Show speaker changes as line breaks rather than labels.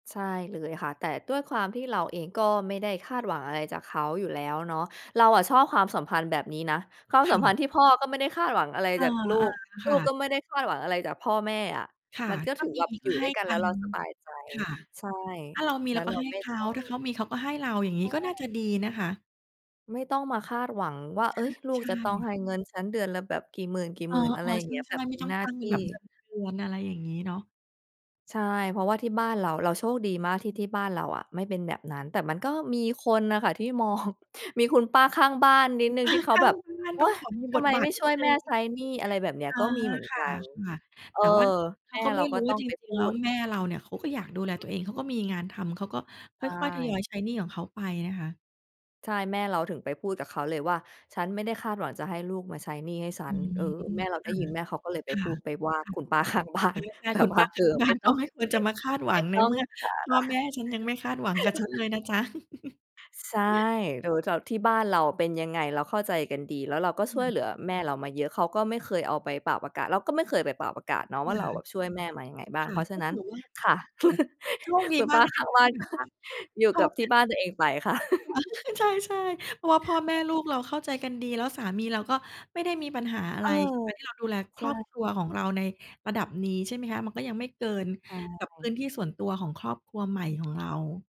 ใช่เลยค่ะ แต่ด้วยความที่เราเองก็ไม่ได้คาดหวังอะไรจากเขาอยู่แล้วเนาะ เราอะชอบความสัมพันธ์แบบนี้นะ ความ
ค
สั
่
มพั
ะ
นธ์ที่พ่อก็ไม่ได้คาดหวังอะไร
อ
จ
า
ากลูก
ๆ
ล
ค
ู
่
ก
ะ
ก็ไม่ได้คาดหวังอะไรจากพ่อแม่อะ
ค่
ม
ะ
ันก็
ถ้
ถ
า
ือ
มี
แบบ
ก
อยู
็
่
ใ
ด
ห
้
้
วยกัน
ก
แล้
ั
วเ
น
ราสบายใจ
ค่ะ
ใช่
ถ้าเรามี
แล
เ
้
รา
ว
ก
เ
็
รา
ให้
ไม่
เข
ต
า
้อ
ถ้าเข
ง
ามีเขาก็ให้เรา อย่างง
ใ
ี
ช
้ก็น่า
่
จะดีนะคะ
ไม่ต้องมาคาดหวังว่า เอ๊ย ลู
ใ
ก
ช่
จะต้อง
ๆ
ให้ฉันเงินเดือนละแบบกี่หม
เออ
ื่น ๆ อะไรอย่
ๆ
า
ใ
งเงี้ย แ
ช
บ
่
บ
ๆ
เ
ไม
ป
่
็น
ต้อง
หน้า
ตั้ง
ท
เป็
ี
น
่
แบบเงินเดือน อะไรอย่างงี้เนาะ
ใช่ เพราะว่าที่บ้านเรา เราโชคดีมากที่ที่บ้านเราอะไม่เป็นแบบนั้น แต่มันก็มีคนน่ะค่ะที่มอง มีคุณป้าข้างบ้านนิ
ค
ด
ุณ
หนึ่
ป
ง
้า
ที่เขา
ข้า
แบ
ง
บ
บ้าน
"โอ๊
ต้อง
ย!
ขอมี
ท
บ
ำไ
ท
ม
บา
ไ
ท
ม่
น
ช
ิ
่
ด
วย
หน
แ
ึ
ม
่
่
ง
ใช้หนี้" อะไรแบบเนี้ย
อา
ก็มีเหมือน
ค
ก
่ะ
ัน เอ
ๆ
อ
แต่ว่าเข
แม
า
่
ก็ไ
เ
ม
รา
่ร
ก็
ู้
ต
ว่
้อ
า
ง
จร
ไป
ิ
พ
ง
ู
ๆ แล้ว
ด
แม่เราเนี่ย เขาก็อยากดูแลตัวเอง เขาก็มีงานทำ เขาก็
ใ
ค่อย ๆ ทยอย
ช่
ใช้หนี้ของเขาไปนะคะ
ใช่ แม่เราถึงไปพูดกับเขาเลยว่า "ฉันไม่ได้คาดหวังจะให้ลูกมาใช้หนี้ให้ฉั
อื
น" เ
ม
ออ แม่เราได้ยิน แม่เขาก็เลยไ
ค
ป
่
พ
ะ
ูด ไปว่า
ค่ะ
คุณป้า ข้างบ้า
ค่ะ ตอ
น
นแร
แ
ก
บ
ๆ ค
บ
ุณ
ว่
ป
า
้า
เอ
ข
อ
้าง บ้
ไม
า
่
น
ต
ก
้
็
อง
ไม่ควร จะมาคาดหว
ไ
ั
ม่
ง ใ
ต
น
้อ
เ
ง
มื่อ
ส
พ่อแม่ฉันยังไม่คาดหวังกับฉ
า
ัน
ระ
เลยนะจ๊ะ
ใช่ ดูแถว ที่บ้านเราอะเป็นยังไงเราเข้าใจกันดี แล้วเราก็
ค
ช
่
่วยเ
ะ
หลือแม่เรามาเยอะ เขาก็ไม่เคยเอาไปป่าวประกาศ เราก็ไม่เคยไปป่าวประกาศเนา
ค
ะว่า
่
เราอ
ะ
ะช่วยแม่มายังไงบ้า
ค
ง
่
เ
ะ
พราะฉ
ก
ะ
็
นั
ถ
้น
ือว่า
ค่ะ
แล็ก โชคดี
คุณ
ม
ป
า
้
ก
า
เลย
ข
น
้
ะ
าง
คะ
บ
ท
้
ี
าน
่แบ
ก็
บว่าพ
อยู่
่อ
กับ
แ
ท
ม
ี
่
่บ้านตัวเองไปค่ะ
ใช่ ๆ เพราะว่าพ่อแม่ลูกเราเข้าใจกันดี แล้วสามีเราก็ไม่ได้มีปัญหาอะ
เอ
ไร
อ
การที่เราดูแลค
ใช
ร
่
อบครัวของเราในระดับนี้ ใช่ไหมคะ มันก็ยังไม่เกิน
ใช
กับพื้
่
นที่ส่วนตัวของครอบครัวใหม่ของเรา